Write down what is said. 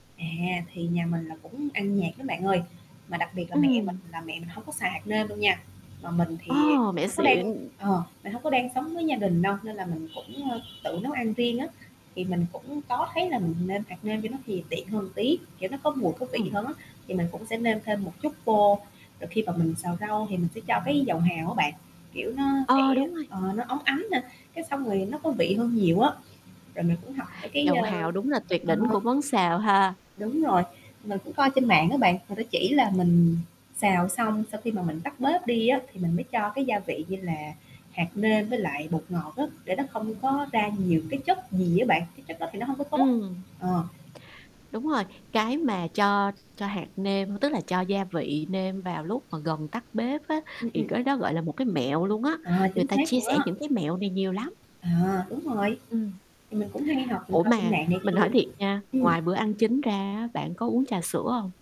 À, thì nhà mình là cũng ăn nhạt lắm bạn ơi, mà đặc biệt là mẹ mình Ừm. là mẹ mình hông có xài hạt nêm đâu nha, mà mình thì Ờ, mình mẹ hông có đang xịn. ờ, mình hông có đang sống với gia đình đâu nên là mình cũng, ơ, tự nấu ăn riêng á. Thì mình cũng có thấy là mình nêm hạt nêm vô nó thì tiện hơn tí, kiểu, nó có mùi có vị Ừm. hơn á, thì mình cũng sẽ nêm thêm một chút vô, rồi khi mà mình xào rau thì mình sẽ cho cái dầu hào á bạn, kiểu, nó sẽ Ờ, đúng rồi. ờ, nó óng ánh nà, cái xong rồi nó có vị hơn nhiều á. Rồi mình cũng học mấy cái, Dầu ơ, hào đúng là tuyệt ờ đỉnh của món xào ha. Đúng rồi, mình cũng coi trên mạng á bạn, người ta chỉ là mình xào xong sau khi mà mình tắt bếp đi á, thì mình mới cho cái gia vị như là hạt nêm với lại bột ngọt á, để nó không có ra nhiều cái chất gì á bạn, cái chất đó thì nó hông có tốt, Ừm. ờ. Đúng rồi, cái mà cho cho hạt nêm, tức là cho gia vị nêm vào lúc mà gần tắt bếp á, Ừm, thì ừm. cái đó gọi là một cái mẹo luôn á, Ờ, người chính ta xác chia luôn sẻ á. những cái mẹo này nhiều lắm. À, đúng rồi, Ừm. thì mình cũng hay học mình Ủa, coi trên mà mạng này mình hỏi kia. thiệt nha, Ừm. ngoài bữa ăn chính ra á, bạn có uống trà sữa hông?